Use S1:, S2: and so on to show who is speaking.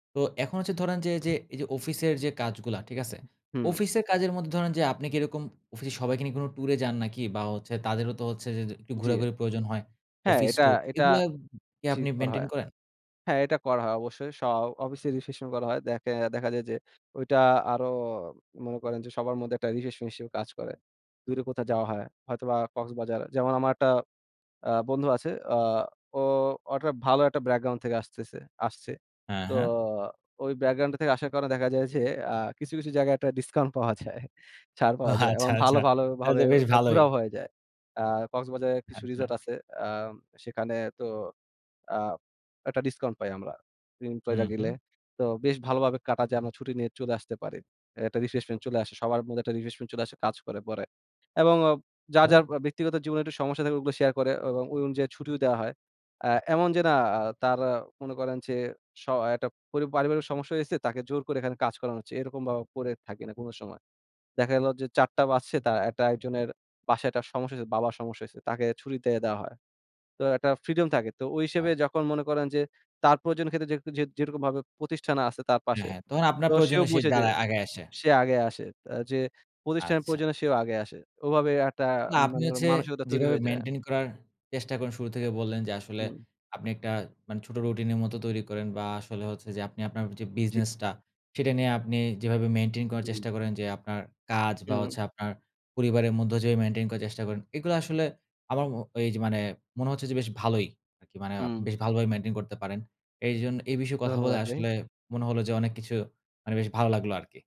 S1: তো এখন হচ্ছে ধরেন যে এইযে, এইযে অফিসের যে কাজগুলা ঠিক আছে?
S2: হুম।
S1: অফিসের কাজের মধ্যে ধরেন যে আপনি কি এরকম অফিসে সবাইকে নিয়ে কোন ট্যুরে যান নাকি? বা হচ্ছে তাদেরও তো হচ্ছে যে যে একটু
S2: জি আ
S1: ঘোরাঘুরির প্রয়োজন হয়।
S2: হ্যাঁ
S1: অফিস
S2: এটা
S1: ট্যুর
S2: এটা
S1: এগুলা কি
S2: ঠিক
S1: আপনি
S2: করা
S1: মেইনটেইন
S2: হয়।
S1: করেন?
S2: হ্যাঁ এটা করা হয় অবশ্যই স অফিসে রিফ্রেশমেন্ট করা হয় দ্যাখে দেখা যায় যে ওইটা আরো মনে করেন যে সবার মধ্যে একটা রিফ্রেশমেন্ট হিসেবে কাজ করে। দূরে কোথাও যাওয়া হয়, হয়তোবা কক্সবাজার যেমন আমার একটা আ বন্ধু আছে আ ও ও একটা ভালো একটা ব্যাকগ্রাউন্ড থেকে আসতেছে আসছে।
S1: হ্যাঁ,
S2: তো
S1: হ্যাঁ।
S2: ওই ব্যাকগ্রউন্ডে থেকে আসার কারণে দেখা যায় যে আ কিছু, কিছু জায়গায় একটা ডিসকাউন্ট পাওয়া যায়, ছাড় পাওয়া যায় এবং
S1: আচ্ছা,
S2: ভালো,
S1: আচ্ছা
S2: ভালো
S1: তাহলে
S2: ভাবে
S1: তো বেশ
S2: ওটা
S1: ভালোই।
S2: ঘুরাও হয়ে যায়। আ কক্সবাজারে কিছু
S1: আচ্ছা।
S2: রিসোর্ট আছে আম সেখানে তো আ একটা ডিসকাউন্ট পাই আমরা
S1: হুম,
S2: [unintelligible] গেলে
S1: হুম।
S2: তো বেশ ভালোভাবে কাটা যায় আমরা ছুটি নিয়ে চলে আসতে পারি। একটা রিফ্রেশমেন্ট চলে আসে সবার মধ্যে একটা রিফ্রেশমেন্ট চলে আসে কাজ করে পরে। এবং ও যার,
S1: আচ্ছা?
S2: যার আ ব্যক্তিগত জীবনে একটু সমস্যা থাকে ওগুলা শেয়ার করে এবং ওই অনুযায়ী ছুটিও দেওয়া হয়। আ এমন যে না আ তার অ মনে করেন যে স একটা পরি পারিবারিক সমস্যা হইছে তাকে জোর করে এখানে কাজ করানো হচ্ছে এরকম ভাও করে থাকি না কোন সময়। দেখা গেল যে ৪ঃ০০ বাজছে তারা একটা একজনের বাসায় একটা সমস্যা হইছে, বাবার সমস্যা হইছে। তাকে ছুটিতে দেওয়া হয়। তো একটা ফ্রিডম থাকে। তো ওই হিসেবে
S1: আ
S2: যখন মনে করেন যে তার প্রয়োজনের ক্ষেত্রে যে যে যেটুকু ভাবে প্রতিষ্ঠানে আছে তার
S1: অ্যা
S2: পাশে।
S1: হ্যাঁ তখন আপনার
S2: তো সেও
S1: প্রয়োজনও সে
S2: বুঝে যে
S1: দাড়ায় আগায় আসে।
S2: সে আগে আসে। আ যে প্রতিষ্ঠানের
S1: আচ্ছা।
S2: প্রয়োজনে সেও আগায় আসে, ওভাবে একটা
S1: না আপনি
S2: মানে ওর
S1: হচ্ছে
S2: মানসিকতা তৈরি
S1: যেভাবে
S2: হয়ে যায়।
S1: মেইনটেইন করার চেষ্টা করেন শুরু থেকে বললেন। যে আসলে
S2: হুম।
S1: আপনি একটা মানে ছোট রুটিনের মতো তৈরি করেন বা আসলে হচ্ছে যে আপনি আপনার যে
S2: জি।
S1: বিজনেসটা সেটা নিয়ে আপনি যেভাবে মেইনটেইন করার
S2: হুম।
S1: চেষ্টা করেন যে আপনার কাজ বা
S2: হুম।
S1: হচ্ছে আপনার পরিবারের মধ্য যে মেইনটেইন করার চেষ্টা করেন, এগুলো আসলে আমার ম এই যে মানে মনে হচ্ছে যে বেশ ভালোই, আরকি মানে আ
S2: হুম।
S1: বেশ ভালোভাবে মেইনটেইন করতে পারেন। এইজন এই বিষয়ে কথা বলে
S2: ধন্যবাদ ভাই।
S1: আসলে মনে হলো যে অনেক কিছু মানে বেশ ভালো লাগলো আরকি।